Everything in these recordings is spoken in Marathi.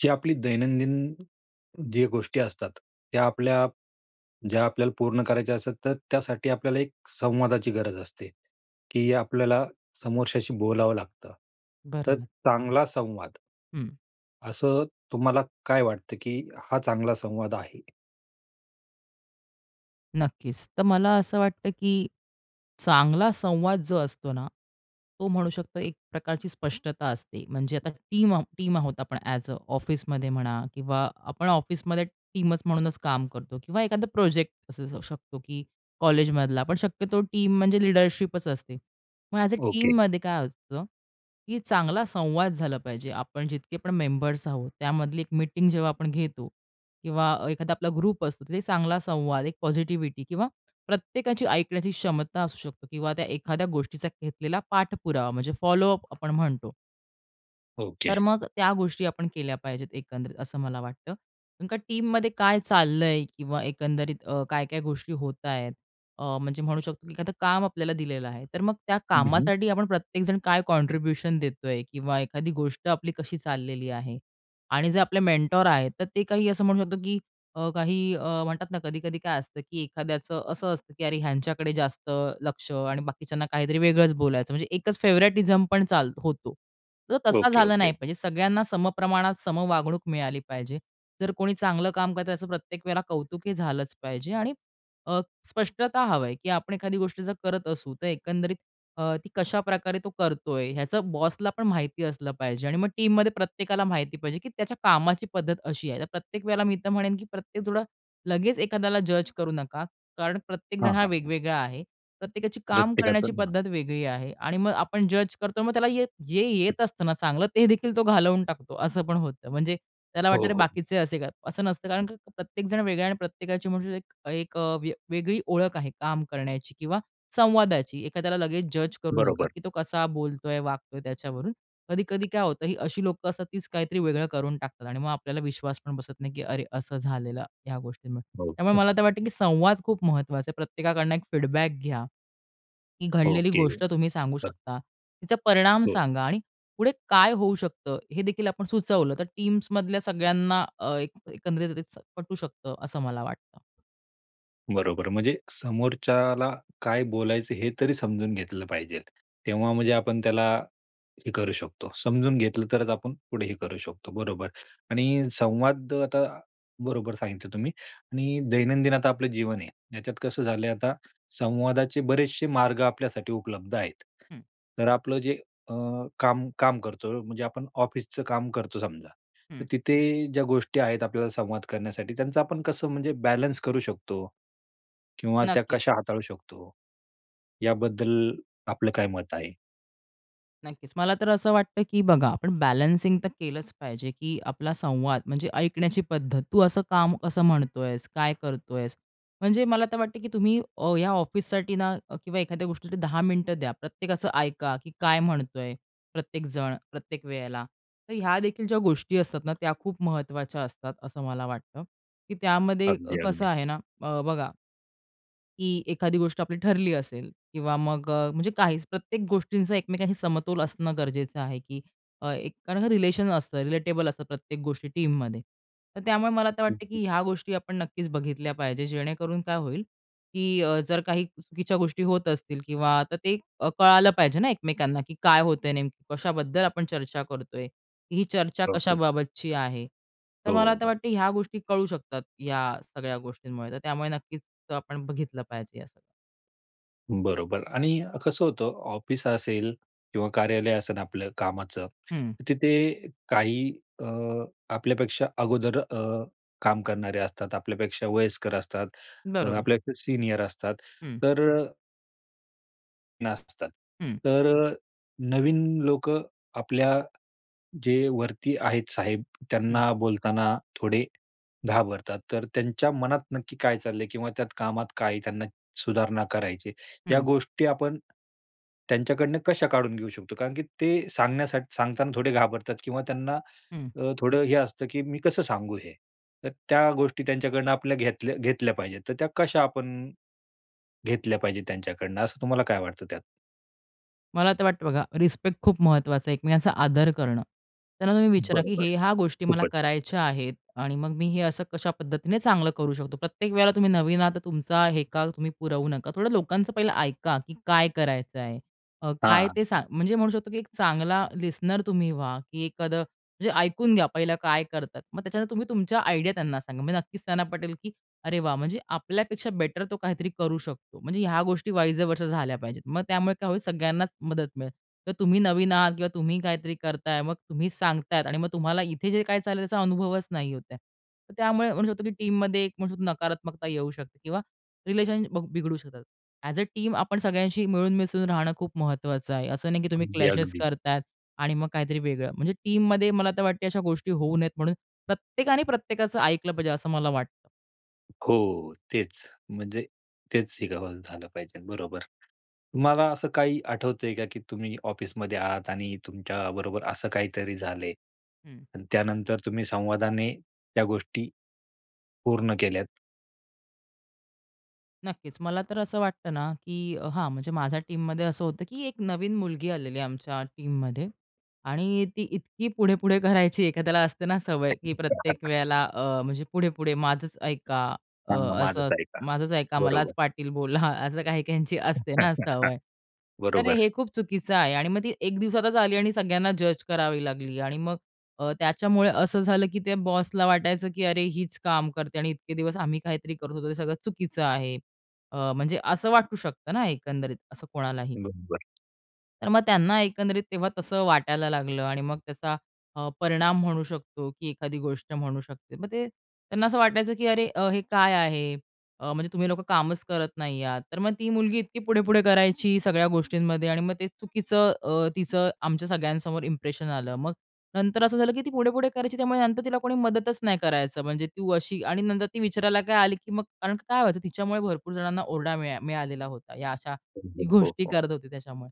जी आपली दैनंदिन जी गोष्टी असतात, त्या आपल्या ज्या आपल्याला पूर्ण करायच्या असतात, तर त्यासाठी आपल्याला एक संवादाची गरज असते, की आपल्याला समोरच्याशी बोलावं लागतं. तर बरोबर. चांगला संवाद हं. असं तुम्हाला काय वाटतं, की हा चांगला संवाद आहे? नक्कीच, तर मला असं वाटतं की चांगला संवाद जो असतो ना, तो म्हणू शकतो, एक प्रकारची स्पष्टता असते. म्हणजे आता टीम आहो टीम आहोत आपण, ॲज अ ऑफिसमध्ये म्हणा, किंवा आपण ऑफिसमध्ये टीमच म्हणूनच काम करतो, किंवा एखादा प्रोजेक्ट असू शकतो, की कॉलेजमधला, पण शक्यतो टीम म्हणजे लीडरशिपच असते. मग ॲज अ ओके. टीममध्ये काय असतं? की चांगला संवाद झाला पाहिजे. आपण जितके पण मेंबर्स आहोत, त्यामधली एक मीटिंग जेव्हा आपण घेतो किंवा अ, एखादा आपला ग्रुप असतो, तर चांगला संवाद, एक पॉझिटिव्हिटी किंवा प्रत्येकाची ऐकण्याची क्षमता असू शकते किंवा त्या एखाद्या गोष्टीचा घेतलेला पाठपुरावा, म्हणजे फॉलो अप आपण म्हणतो. ओके. तर मग त्या गोष्टी आपण केल्या पाहिजेत, एकंदरीत असं मला वाटतं. कारण का टीममध्ये काय चाललंय? किंवा अ, एकंदरीत काय-काय गोष्टी होतायेत? अ, म्हणजे म्हणू शकतो, की एखादं काम आपल्याला दिलेलं आहे. तर मग त्या हं, हं. कामासाठी आपण प्रत्येकजण काय कॉन्ट्रिब्युशन देतोय, किंवा एखादी गोष्ट आपली कशी चाललेली आहे? आणि जे आपले मेंटॉर आहेत, तर ते काही असं म्हणू शकतो, की अ, काही अ, म्हणतात ना कधी-कधी काय असतं, की एखाद्याचं असं असतं, की अरे, ह्यांच्याकडे जास्त लक्ष, आणि बाकीच्यांना काहीतरी वेगळंच बोलायचं, म्हणजे एकच फेव्हरेटिझम पण चालतो होतो. तर तसा ओके, झाला नाही ओके. पाहिजे. सगळ्यांना समप्रमाणात सम वागणूक मिळाली पाहिजे, जर कोणी चांगलं काम करतंय, त्याचं प्रत्येक वेळेला कौतुक हे झालंच पाहिजे. आणि अ, स्पष्टता हवंय, की आपण एखादी गोष्ट जर करत असू, तर एकंदरीत अ, ती कशाप्रकारे तो करतोय, ह्याचं बॉसला पण माहिती असलं पाहिजे. आणि मग टीममध्ये प्रत्येकाला माहिती पाहिजे, की त्याच्या कामाची पद्धत अशी आहे. तर प्रत्येक वेळेला मी तर म्हणेन, की प्रत्येक थोडं लगेच एखाद्याला जज करू नका. कारण हां, प्रत्येकजण हा हां, हां. वेगवेगळा आहे. प्रत्येकाची काम करण्याची प्रत्येकाचं, हां. पद्धत वेगळी आहे. आणि मग आपण जज करतो, मग त्याला ये जे येत असतं ना चांगलं, ते देखील तो घालवून टाकतो असं पण होतं. म्हणजे त्याला हो, वाटतं हो, अरे, हो. बाकीचे असे काय? असं नसतं. कारण प्रत्येकजण वेगळा आहे आणि प्रत्येकाची म्हणू शकतो एक अ, वेगळी ओळख आहे काम करण्याची किंवा संवादाची एखाद्याला लगेच जज करू नका, बरोबर. की तो कसा बोलतोय, वागतोय त्याच्यावरून? कधी-कधी काय होतं ही अशी लोकं असतात तीच काहीतरी वेगळं करून टाकतात आणि मग आपल्याला विश्वास पण बसत नाही, की अरे, असं झालेलं ह्या गोष्टी. हो त्यामुळे का? मला आता वाटत, की संवाद खूप महत्वाचा आहे. प्रत्येकाकडनं एक फीडबॅक घ्या. ही घडलेली ओके. गोष्ट तुम्ही सांगू हं. शकता. तिचा परिणाम हो. सांगा आणि पुढे काय होऊ शकतं? हे देखील आपण सुचवलं तर टीम्स मधल्या सगळ्यांना अ, एक एकंदरीत पटू शकतं, असं मला वाटतं. बरोबर. म्हणजे समोरच्याला काय बोलायचं हे तरी समजून घेतलं पाहिजेल. तेव्हा म्हणजे आपण त्याला हे करू शकतो समजून घेतलं तरच आपण पुढे हे करू शकतो. बरोबर .आणि संवाद अ, आता बरोबर सांगितलं तुम्ही आणि दैनंदिन आता आपलं जीवन आहे याच्यात कसं झालंय आता संवादाचे बरेचसे मार्ग आपल्यासाठी उपलब्ध आहेत. हं. तर आपलं जे अ, काम काम करतो म्हणजे आपण ऑफिसच काम करतो समजा. तर हं. तिथे ज्या गोष्टी आहेत आपल्याला संवाद करण्यासाठी त्यांचा आपण कसं म्हणजे बॅलन्स करू शकतो? किंवा त्या नक्कीच. कशा हाताळू शकतो? याबद्दल आपलं काय मत आहे? नक्कीच. मला तर असं वाटतं की बघा आपण बॅलन्सिंग तर केलंच पाहिजे की आपला संवाद म्हणजे ऐकण्याची पद्धत "तू असं काम कसं म्हणतोयस? काय करतोयस?" म्हणजे मला तर वाटतं की तुम्ही अ, या ऑफिससाठी ना किंवा एखाद्या गोष्टीसाठी 10 मिनिटं द्या. प्रत्येकाच ऐका की काय म्हणतोय? प्रत्येक जण, प्रत्येक वेळेला. तर ह्या देखील ज्या गोष्टी असतात ना त्या खूप महत्वाच्या असतात, असं मला वाटतं. की त्यामध्ये अगदी, कसं अगदी. आहे ना अ, बघा की एखादी गोष्ट आपली ठरली असेल किंवा मग अ, म्हणजे काहीच प्रत्येक गोष्टींचा एकमेकांशी समतोल असणं गरजेचं आहे की अ, एक रिलेशन असतं रिलेटेबल असतं प्रत्येक गोष्टी टीममध्ये. तर त्यामुळे मला आता हं, वाटतं की हं. ह्या गोष्टी आपण नक्कीच बघितल्या पाहिजेत जेणेकरून काय होईल की अ, जर काही चुकीच्या गोष्टी होत असतील किंवा आता ते अ, कळालं पाहिजे ना एकमेकांना की "काय होतंय नेमकी कशाबद्दल आपण चर्चा करतोय? ही चर्चा ओके. कशाबाबतची आहे?" तर हो, मला हो, आता हो. वाटतं ह्या गोष्टी कळू शकतात या सगळ्या गोष्टींमुळे तर त्यामुळे नक्कीच आपण बघितलं पाहिजे हे सगळं. बरोबर आणि कसं होतं ऑफिस असेल किंवा कार्यालय असेल आपलं कामाचं हं. तिथे काही अ, आपल्यापेक्षा अगोदर अ, काम करणारे असतात. आपल्यापेक्षा वयस्कर असतात. अ, बरोबर. आपल्यापेक्षा सीनियर असतात. हं. तर अ नसतात. हं. तर अ, नवीन लोक आपल्या जे वरती आहेत साहेब, हं. त्यांना बोलताना थोडे घाबरतात. तर त्यांच्या मनात नक्की काय चाललंय किंवा त्यात कामात काय त्यांना सुधारणा करायची. या हं. गोष्टी आपण त्यांच्याकडनं कशा काढून घेऊ शकतो? कारण की ते सांगण्यासाठी सांगताना थोडे घाबरतात किंवा त्यांना हं. अ, थोडं हे असतं, की "मी कसं सांगू हे?" तर त्या गोष्टी त्यांच्याकडनं आपल्या घेतल्या घेतल्या पाहिजेत, तर त्या कशा आपण अ, घेतल्या पाहिजेत, त्यांच्याकडनं असं तुम्हाला काय वाटतं त्यात? मला तर वाटतं बघा रिस्पेक्ट खूप महत्वाचा आहे, एकमेकांचा आदर करणं. त्यांना तुम्ही विचारा, की बरोबर. हे ह्या गोष्टी मला खूपच. करायच्या आहेत. आणि मग मी हे असं कशा पद्धतीने चांगलं करू शकतो. प्रत्येक वेळेला तुम्ही नवीन आहात, तर तुमचा हेका तुम्ही पुरवू नका. थोडं लोकांचं पहिलं ऐका, की काय करायचंय? अ, काय हां. ते सांग म्हणजे म्हणू शकतो, की एक चांगला लिसनर तुम्ही व्हा, की एखादं म्हणजे ऐकून घ्या पहिला काय करतात? मग त्याच्या नंतर तुम्ही तुमच्या आयडिया त्यांना सांगा. म्हणजे नक्कीच त्यांना पटेल, की "अरे वाह! म्हणजे आपल्यापेक्षा बेटर तो काहीतरी करू शकतो." म्हणजे ह्या गोष्टी वाइज अ, वर्सा झाल्या पाहिजेत. मग त्यामुळे काय होईल सगळ्यांनाच मदत मिळेल. तर तुम्ही नवीन आहात किंवा तुम्ही काहीतरी करत आहे मग तुम्ही सांगत आहेत आणि मग तुम्हाला इथे जे काही चाललंय त्याचा अनुभवच नाही होत आहे. त्यामुळे म्हणू शकतो, की टीममध्ये एक नकारात्मकता येऊ शकते किंवा रिलेशन बघ बिघडू शकतात. ॲज अ, टीम आपण सगळ्यांशी मिळून मिसळून राहणं खूप महत्वाचं आहे. असं नाही, की तुम्ही अगदी, क्लॅशेस अगदी. करत आहेत आणि मग काहीतरी वेगळं. म्हणजे टीममध्ये मला तर वाटते, अशा गोष्टी होऊ नयेत म्हणून प्रत्येकाने प्रत्येकाचं ऐकलं पाहिजे, असं मला वाटतं. हो. तेच, म्हणजे तेच शिकावं झालं पाहिजे बरोबर, तुम्हाला असं काही आठवतंय का की तुम्ही ऑफिसमध्ये आहात आणि तुमच्या बरोबर असं काहीतरी झालंय हं. आणि त्यानंतर तुम्ही संवादाने त्या गोष्टी पूर्ण केल्यात? नक्कीच. मला तर असं वाटतं ना, की हां म्हणजे माझ्या टीममध्ये असं होतं, की एक नवीन मुलगी आलेली आहे आमच्या टीममध्ये. आणि ती इतकी पुढे-पुढे करायची एखाद्याला असते ना सवय, की प्रत्येक वेळेला अ, म्हणजे पुढे-पुढे माझंच ऐका अ, सांगा असं माझच अस ऐका. माझंच ऐका मलाच बरोबर. पाटील बोला असं काही काहींची असते ना सवय. तर हे बरोबर. खूप चुकीचं आहे आणि मग ती एक दिवसातच आली आणि सगळ्यांना जज करावी लागली आणि मग अ, त्याच्यामुळे असं झालं, की त्या बॉसला वाटायचं, की अरे हीच काम करते आणि इतके दिवस आम्ही काहीतरी करत होतो ते सगळं चुकीचं आहे. अ, म्हणजे असं वाटू शकतं ना एकंदरीत असं कोणालाही. बरोबर. तर मग त्यांना एकंदरीत तेव्हा तसं वाटायला लागलं आणि मग त्याचा अ, परिणाम म्हणू शकतो की एखादी गोष्ट म्हणू शकते. मग ते त्यांना असं वाटायचं, की अरे हे काय आहे? अ, म्हणजे तुम्ही लोकं कामच करत नाही आहात. तर मग ती मुलगी इतकी पुढे-पुढे करायची सगळ्या गोष्टींमध्ये आणि मग ते चुकीचं अ, तिचं आमच्या सगळ्यांसमोर इंप्रेशन आलं. मग नंतर असं झालं, की ती पुढे-पुढे करायची त्यामुळे नंतर तिला कोणी मदतच नाही करायचं. म्हणजे तू अशी आणि नंतर ती विचारायला काय आली, की मग कारण काय व्हायचं तिच्यामुळे भरपूर जणांना ओरडा मिळा मिळालेला होता. या अशा ती बरोबर हो, गोष्टी हो. करत होती त्याच्यामुळे.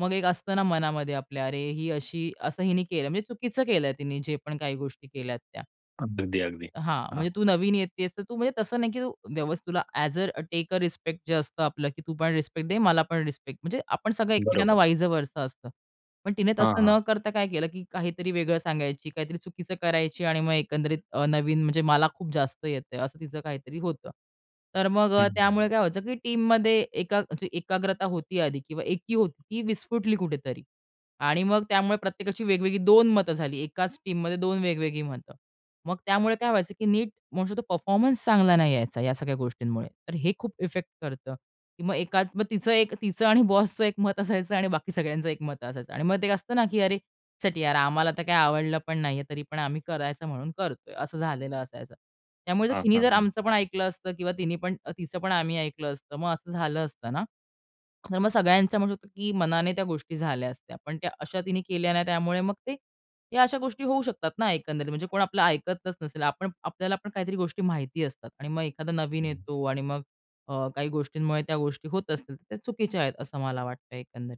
मग एक असतं ना मनामध्ये आपल्या अरे ही अशी, असं हिने केलं म्हणजे चुकीचं केलंय तिने जे पण काही गोष्टी केल्यात त्या. अगदी अगदी. हां. हां. म्हणजे तू नवीन येतीयेस तर तू म्हणजे तसं नाही, की तू व्यवस्थित तुला as a take a respect जे असतं आपलं की तू पण रिस्पेक्ट दे, मला पण रिस्पेक्ट. म्हणजे आपण सगळं एकमेकांना बरोबर. वाईज वर्सा असतं. पण तिने हां, तसं हां. न करता काय केलं, की काहीतरी वेगळं सांगायची, काहीतरी चुकीचं करायची आणि मग एकंदरीत अ, नवीन म्हणजे मला खूप जास्त येतंय असं तिचं काहीतरी होतं. तर मग हं, हं. त्यामुळे काय व्हायचं की टीममध्ये एका म्हणजे एकाग्रता होती आधी किंवा एकी होती ती विस्फुटली कुठेतरी. आणि मग त्यामुळे प्रत्येकाची वेगवेगळी 2 मतं झाली. एकाच टीममध्ये 2 वेगवेगळी मतं. मग त्यामुळे काय व्हायचं की नीट मोस्ट ऑफ द परफॉर्मन्स चांगला नाही यायचा या सगळ्या गोष्टींमुळे. तर हे खूप इफेक्ट करतं. की मग एकात तिचं एक तिचं आणि बॉसचं एक मत असायचं आणि बाकी सगळ्यांचं एक मत असायचं. आणि मग ते एक असतं ना की "अरे शीट यार आम्हाला तर काय आवडलं पण नाहीये तरी पण आम्ही करायचं म्हणून करतोय." असं झालेलं असायचं. त्यामुळे हां, तिनी हां, जर हां. आमचं पण ऐकलं असतं किंवा तिनी पण तिचं पण आम्ही ऐकलं असतं मग असं झालं असतं ना. तर मग सगळ्यांचं म्हणू शकतो, की मनाने त्या गोष्टी झाल्या असत्या. पण त्या अशा तिने केल्या ना त्यामुळे मग ते या अशा गोष्टी होऊ शकतात ना एकंदरीत. म्हणजे कोण आपलं ऐकतच नसेल. आपण आपल्याला पण काहीतरी गोष्टी माहिती असतात. आणि मग एखादा नवीन हं. येतो आणि मग अ, काही गोष्टींमुळे त्या गोष्टी होत असतील तर त्या चुकीच्या आहेत असं मला वाटतंय एकंदरीत.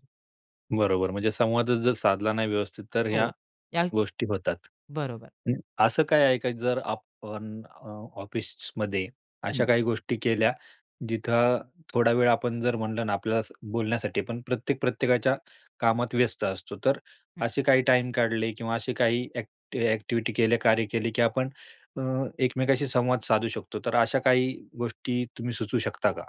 बरोबर. म्हणजे संवादच जर साधला नाही व्यवस्थित तर ह्या हो. या गोष्टी होतात. बरोबर. हं. असं काय आहे का जर आपण अ, ऑफिसमध्ये अशा हं. काही गोष्टी केल्या जिथं थोडा वेळ आपण जर म्हटलं ना आपल्याला बोलण्यासाठी पण प्रत्येक, प्रत्येकाच्या कामात व्यस्त असतो. तर हं. असे काही टाईम काढले किंवा असे काही ऍक्ट एक्टिव्हिटी केले, कार्य केले, की आपण अ, एकमेकांशी संवाद साधू शकतो. तर अशा काही गोष्टी तुम्ही सुचवू शकता का?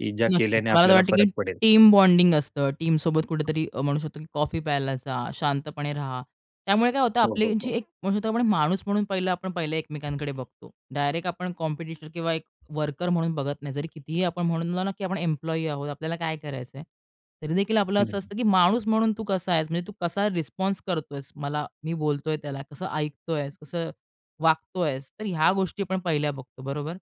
की ज्या नक्कीच. केल्याने मला तर आपल्याला वाटतं, की फरक पडेल? टीम बॉन्डिंग असतं. टीमसोबत कुठेतरी म्हणू शकतो, की कॉफी प्यायला जा. शांतपणे राहा. त्यामुळे काय होतं? हो, आपली हो, जी हो. एक म्हणू शकतो आपण माणूस म्हणून पहिलं आपण पहिले एकमेकांकडे बघतो. डायरेक्ट आपण कॉम्पिटिटर किंवा एक वर्कर म्हणून बघत नाही. जरी किती ही आपण म्हणलो ना, की आपण एम्प्लॉयी आहोत. आपल्याला काय करायचं आहे? तरी देखील आपलं हं, असं हं. असतं, की माणूस म्हणून तू कसा आहेस? म्हणजे तू कसा रिस्पॉन्स करतो आहेस? मला मी बोलतोय त्याला कसं ऐकतो आहेस? कसं वागतो आहेस? तर ह्या गोष्टी आपण पहिल्या बघतो. बरोबर?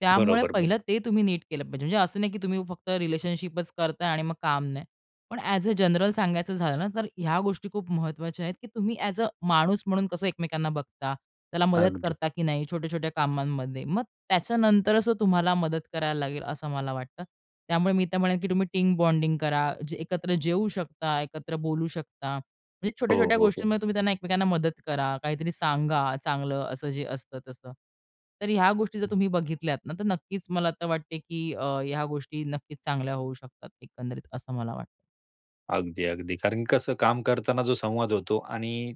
त्यामुळे बरोबर, बरो पहिलं ते तुम्ही नीट केलं पाहिजे. म्हणजे असं नाही, की तुम्ही फक्त रिलेशनशिपचं करताय आणि मग काम नाही. पण ऍज अ, जनरल सांगायचं झालं ना, तर ह्या गोष्टी खूप महत्वाच्या आहेत, की तुम्ही ऍज अ, माणूस म्हणून कसं एकमेकांना बघता? त्याला मदत अगदी. करता, की नाही छोट्या-छोट्या कामांमध्ये. मग त्याच्यानंतरच तो तुम्हाला मदत करायला लागेल असं मला वाटतं. त्यामुळे मी तर म्हणेल, की तुम्ही टीम बॉन्डिंग करा. जे एकत्र जेवू शकता. एकत्र बोलू शकता. म्हणजे हो, छोट्या-छोट्या हो, हो. गोष्टींमध्ये तुम्ही त्यांना एकमेकांना मदत करा. काहीतरी सांगा चांगलं असं जे असतं तसं. तर ह्या गोष्टी जर तुम्ही बघितल्यात ना, तर नक्कीच मला तर वाटते, की अ, ह्या गोष्टी नक्कीच चांगल्या होऊ शकतात. एकंदरीत असं मला वाटतं. अगदी, अगदी. कारण की कसं काम करताना जो संवाद होतो आणि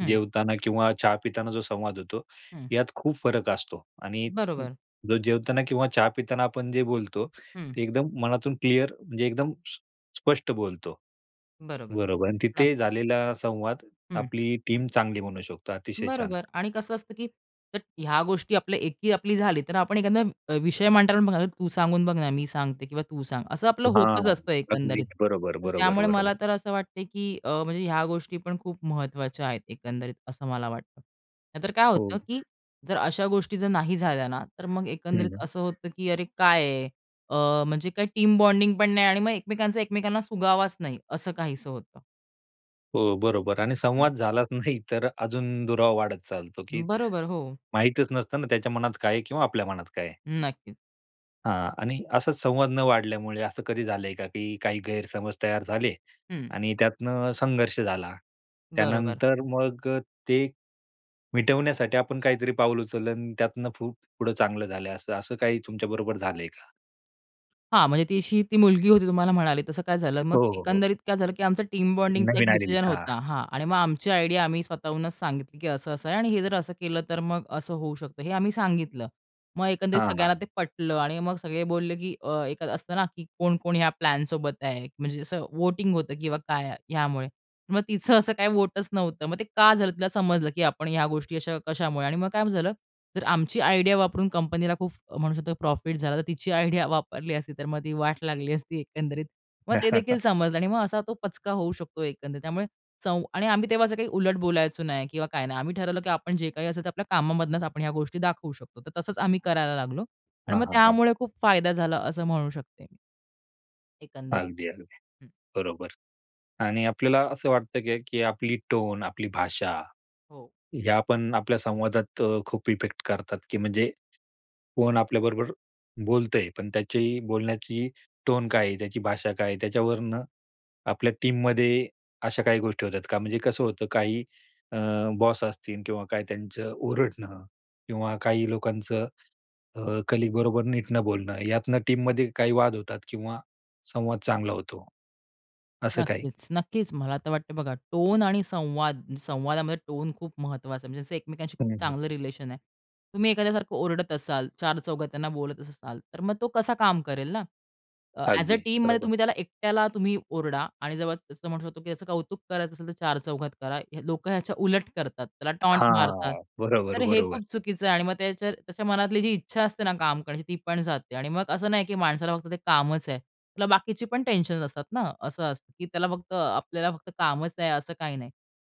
हं. जेवताना किंवा चहा पिताना जो संवाद होतो हं. यात खूप फरक असतो आणि बरोबर. ज जेवताना किंवा चहा पिताना आपण जे बोलतो, हं. ते एकदम मनातून क्लिअर म्हणजे एकदम स्प स्पष्ट बोलतो. बरोबर, बरोबर आणि तिथे नक्कीच. झालेला संवाद हं. आपली टीम चांगली बनवू शकतो. अतिशय छान. बरोबर. आणि कसं असतं, की त्यात ह्या गोष्टी जर आपल्या एकी आपली झाली तर आपण एखादा अ, विषय मांडताना बघ "तू सांगून बघ ना मी सांगते किंवा तू सांग." असं आपलं होतंच हां. असतं अगदी एकंदरीत. बरोबर, तर बरोबर, त्यामुळे बरोबर. मला तर असं वाटतंय की अ, म्हणजे ह्या गोष्टी पण खूप महत्वाच्या आहेत एकंदरीत असं मला वाटतं. नाहीतर काय हो. होतं की जर अशा गोष्टी जर नाही झाल्या ना तर मग हं, एकंदरीत हं. असं होतं की "अरे काय आहे? अ, म्हणजे काय टीम बॉन्डिंग पण नाही आणि मग एकमेकांचा एकमेकांना सुगावाच नाही," असं काहीसं होतं. हो. बरोबर आणि हं. संवाद झालाच नाही तर अजून दुरावा वाढत चालतो, की बरोबर, हो. माहितीच नसतं ना त्याच्या मनात काय आहे किंवा आपल्या मनात काय आहे? नक्कीच. हां. आणि असा संवाद न वाढल्यामुळे असं कधी झालंय का, की काही गैरसमज तयार झाले हं. आणि त्यातनं संघर्ष झाला. बरोबर. त्यानंतर मग ते, मिटवण्यासाठी आपण काहीतरी पाऊल उचललं आणि त्यातनं फु पुढं चांगलं झालंय असं, असं काही तुमच्याबरोबर झालंय का? हां. म्हणजे ती अशी मुलगी होती तुम्हाला म्हणाले तसं काय झालं? मग हो, हो, हो. एकंदरीत काय झालं की आमचा टीम बॉन्डिंगचा एक नवीन डिसिजन आलेलीच. हां. होता. हां आणि मग आमची आयडिया आम्ही स्वतःहूनच सांगितली, की असं-असं आहे आणि हे जर असं केलं. तर मग असं होऊ शकतं. हे आम्ही सांगितलं. मग एकंदरीत हां, सगळ्यांना ते हां. पटलं आणि मग सगळे बोलले की अ, एक असतं ना की कोण-कोण ह्या प्लॅनसोबत आहे. म्हणजे असं व्होटिंग होतं किंवा काय ह्यामुळे. मग तिचं असं काही व्होटच नव्हतं. मग ते का झालं तिला समजलं, की आपण ह्या गोष्टी अशा कशामुळे आणि मग काय झालं. जर आमची आयडिया वापरून कंपनीला खूप म्हणू शकतो प्रॉफिट झाला. तर तिची आयडिया वापरली असती, तर मग ती वाट लागली असती एकंदरीत. मग ते देखील समजलं आणि मग असा तो पचका होऊ शकतो एकंदरीत. त्यामुळे चों आणि आम्ही तेव्हा असं काही उलट बोलायचो नाही किंवा काय नाही. आम्ही ठरवलं की आपण जे काही असेल ते आपल्या कामामधूनच आपण ह्या गोष्टी दाखवू शकतो. तर तसंच आम्ही करायला लागलो. आणि हां, मग हां, हां. त्यामुळे खूप फायदा झाला असं म्हणू शकते मी. एकंदरीत, अगदी, अगदी. हं. बरोबर आणि आपल्याला असं वाटतं का, की आपली टोन, आपली भाषा, हो. ह्यापण आपल्या संवादात खूप इफेक्ट करतात, की म्हणजे कोण आपल्याबरोबर बोलतंय. पण त्याची बोलण्याची टोन काय आहे? त्याची भाषा काय आहे? त्याच्यावरनं आपल्या टीममध्ये अशा काही गोष्टी होतात का? म्हणजे कसं होतं. काही अ, बॉस असतील किंवा काही त्यांचं ओरडणं किंवा काही लोकांचं अ, कलीग बरोबर नीट न बोलणं. यातनं टीममध्ये काही वाद होतात किंवा संवाद चांगला होतो. असं काही. नक्कीच. नक्कीच मला तर वाटतंय बघा, टोन आणि संवाद संवादामध्ये टोन खूप महत्त्वाचा आहे. म्हणजे एकमेकांशी खूप हं, हं. चांगलं रिलेशन आहे. तुम्ही एखाद्याला सारखं ओरडत असाल, चारचौघात त्यांना बोलतच असाल. तर मग तो कसा काम करेल ना? अ, ॲज अ अगदी टीममध्ये बरोबर. तुम्ही त्याला एकट्याला तुम्ही ओरडा आणि जेव्हा असं म्हणू शकतो, की त्याचं कौतुक करायचं असेल, तर चारचौघात करा. हे लोक ह्याच्या उलट करतात. त्याला टॉन्ट मारतात. हां बरोबर, तर हे बरोबर. खूप चुकीचं आहे आणि मग त्याच्या त्याच्या मनातली जी इच्छा असते ना काम करण्याची ती पण जाते आणि मग असं नाही, की माणसाला फक्त ते कामच आहे. त्याला बाकीची पण टेन्शन्स असतात ना. असं असतं, की त्याला फक्त आपल्याला फक्त कामच आहे, असं काही नाही.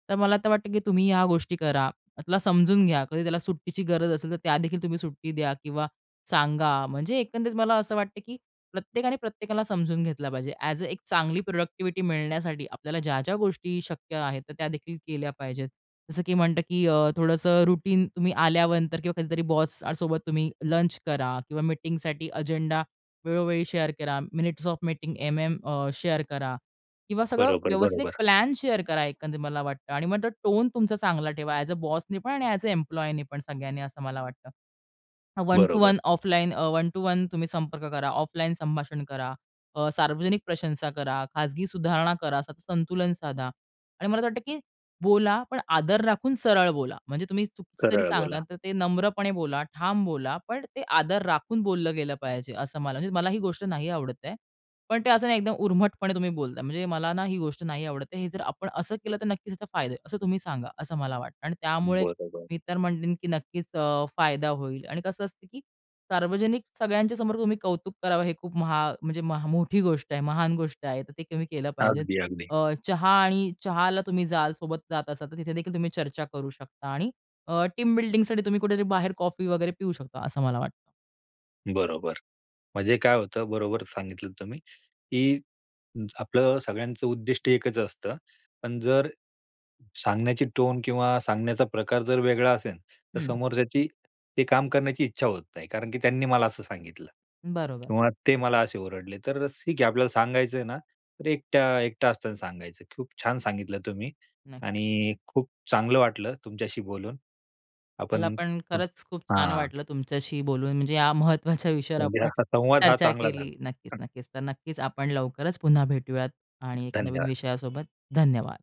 तर मला आता वाटतं की तुम्ही ह्या गोष्टी करा. त्याला समजून घ्या. कधी त्याला सुट्टीची गरज असेल, तर त्यादेखील तुम्ही सुट्टी द्या किंवा सांगा. म्हणजे एकंदरीत मला असं वाटतं, की प्रत्येकाने प्रत्येकाला समजून घेतलं पाहिजे. ॲज अ एक चांगली प्रॉडक्टिव्हिटी मिळण्यासाठी आपल्याला ज्या-ज्या गोष्टी शक्य आहेत. तर त्यादेखील केल्या पाहिजेत. जसं की म्हणतं, की अ, थोडंसं रुटीन तुम्ही आल्यानंतर किंवा कधीतरी बॉससोबत तुम्ही लंच करा किंवा मीटिंगसाठी एजेंडा वेळोवेळी शेअर करा. मिनिट्स ऑफ मीटिंग एम-एम अ, शेअर करा. किंवा सगळं बरोबर, व्यवस्थित बरोबर. प्लॅन शेअर करा एकंदरीत मला वाटतं. आणि मग टोन तुमचा चांगला ठेवा. ॲज अ बॉसनीपण आणि ए-एस अ, एम्प्लॉयीनीपण, सगळ्यांनी असं मला वाटतं. अ, वन टू बरोबर. वन ऑफलाईन अ, 1 टू 1 तुम्ही संपर्क करा. ऑफलाईन संभाषण करा. अ, सार्वजनिक प्रशंसा करा, खाजगी सुधारणा करा, असं संतुलन साधा आणि मला असं वाटतं की बोला. पण आदर राखून सरळ बोला. म्हणजे तुम्ही चुकीचं जरी खरं बोला. सांगता, तर ते नम्रपणे बोला. ठाम बोला. पण ते आदर राखून बोललं गेलं पाहिजे असं मला म्हणजे मला ही गोष्ट नाही आवडत आहे. पण ते असं नाही एकदम उर्मटपणे तुम्ही बोलताय. म्हणजे मला ना ही गोष्ट नाही आवडत. हे जर आपण असं केलं तर नक्कीच ह्याचा फायदा आहे. असं तुम्ही सांगा असं मला वाटतं. आणि त्यामुळे बरोबर. मी तर म्हणेल, की नक्कीच अ, फायदा होईल आणि कसं असतं, की सार्वजनिक सगळ्यांच्या समोर तुम्ही कौतुक करावं हे खूप महा म्हणजे मोठी गोष्ट आहे. महान गोष्ट आहे. तर ते तुम्ही केलं पाहिजे. अगदी, अगदी. अ, चहा आणि चहाला तुम्ही जाल, सोबत जात असाल, तर तिथेदेखील तुम्ही चर्चा करू शकता आणि अ, टीम बिल्डिंगसाठी तुम्ही कुठेतरी बाहेर कॉफी वगैरे पिऊ शकता, असं मला वाटतं. बरोबर. म्हणजे काय होतं बरोबर सांगितलंत तुम्ही. की आपलं सगळ्यांचं उद्दिष्ट एकच असतं. पण जर सांगण्याची टोन किंवा सांगण्याचा प्रकार जर वेगळा असेन तर हं. समोरच्याची ते काम करण्याची इच्छा होत नाही कारण की त्यांनी मला असं सांगितलं बरोबर. किंवा ते मला असे ओरडले तर ठीक आहे आपल्याला सांगायचं आहे ना तर एक एकटा असताना सांगायचं की खूप छान सांगितलं तुम्ही नाही. आणि खूप चांगलं वाटलं तुमच्याशी बोलून. मला आपण पण खरंच खूप छान हां. वाटलं तुमच्याशी बोलून म्हणजे या महत्त्वाच्या विषयावर म्हणजे आपण हा संवाद हा चर्चा चांगला झाला. केली. नक्कीच, नक्कीच. तर नक्कीच आपण लवकरच पुन्हा भेटूयात आणि एक नवीन धन्यवाद. विषयासोबत, धन्यवाद!